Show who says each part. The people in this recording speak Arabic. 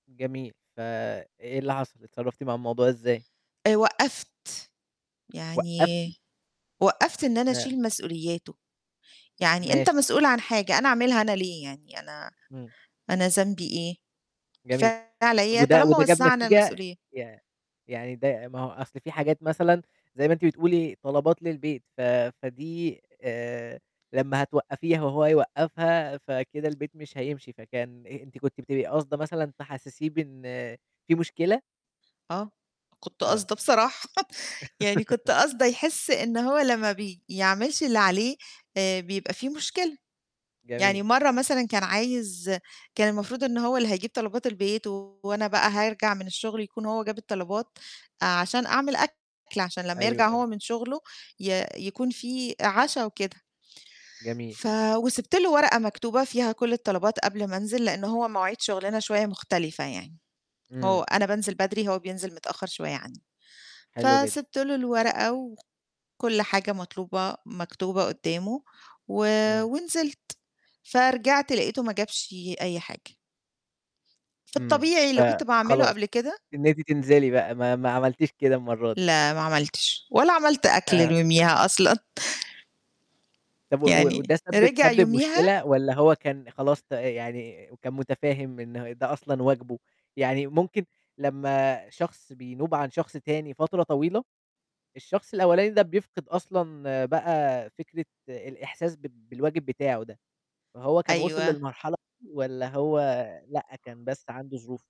Speaker 1: جميل ف إيه اللي حصل؟ اتصرّفتِ مع الموضوع إزاي؟
Speaker 2: آآ، وقّفت،
Speaker 1: وقّفتِ!
Speaker 2: يعني وقّفت إن أنا
Speaker 1: [unintelligible]
Speaker 2: أشيل مسؤولياته، يعني أنت
Speaker 1: ماشي.
Speaker 2: مسؤول عن حاجة أنا أعملها أنا ليه، يعني أنا
Speaker 1: إمم.
Speaker 2: أنا ذنبي إيه
Speaker 1: جميل، طب
Speaker 2: [unintelligible]
Speaker 1: وده
Speaker 2: طالما
Speaker 1: وده جاب
Speaker 2: وزَّعنا
Speaker 1: نتيجة؟
Speaker 2: المسؤولية.
Speaker 1: ي يعني ده ما هو أصل في حاجات مثلًا زي ما أنتِ بتقولي طلبات للبيت ف فدي آآ، لمّا هتوقّفيها وهو يوقّفها، فكده البيت مش هيمشي، فكان أ أنتِ كنتِ بتبقي قصده مثلًا تحسّسيه بإن في مشكلة؟
Speaker 2: آه، كنت
Speaker 1: آه.
Speaker 2: قاصده بصراحة، يعني كنت قاصده يحس إن هو لمّا بي يعملش اللي عليه، آآ، بيبقى في مشكلة، يعني
Speaker 1: جميل.
Speaker 2: مَرّة مثلًا كان عايز كان المفروض إن هو اللي هيجيب طلبات البيت، وأنا بقى هارجع من الشغل يكون هو جاب الطلبات، عشان أعمل أكل عشان لمّا
Speaker 1: أيوه،
Speaker 2: يرجع
Speaker 1: أيوه.
Speaker 2: هو من شغله ي يكون في عشا وكده،
Speaker 1: جميل.
Speaker 2: ف وسِبت له ورقة مكتوبة فيها كلّ الطلبات قبل ما انزل، لإن هو مواعيد شغلنا شوية مختلفة يعني، هو
Speaker 1: إمم.
Speaker 2: أنا بانزل بدري هو بينزل متأخّر شوية عني،
Speaker 1: حلو جدًا.
Speaker 2: فسِبت له الورقة وكلّ حاجة مطلوبة مكتوبة قدّامه و
Speaker 1: إمم.
Speaker 2: ونزلت، فرجعت لقيته ما جابش أي حاجة. في
Speaker 1: إمم،
Speaker 2: الطبيعي
Speaker 1: ف
Speaker 2: اللي كنت باعمله
Speaker 1: خلاص
Speaker 2: قبل كده
Speaker 1: إن أنتِ تنزلي بقى ما ما عملتيش كده المَرّة دي.
Speaker 2: لا ما عملتش، ولا عملت أكل ليوميها أصلًا.
Speaker 1: طب و وده
Speaker 2: يعني
Speaker 1: سبِّب
Speaker 2: رجع
Speaker 1: سبِّب
Speaker 2: يوميها
Speaker 1: مشكلة؟ والّا هو كان خلاص ت يعني كان متفاهم إن ده أصلًا واجبه؟ يعني ممكن لمّا شخص بينوب عن شخص تاني فترة طويلة، الشخص الأولاني ده بيفقد أصلًا بقى فكرة الإحساس ب بالواجب بتاعه ده، فهو كان وصِل
Speaker 2: أيوه.
Speaker 1: للمرحلة [unintelligible] والّا هو لأ كان بس عنده ظروف.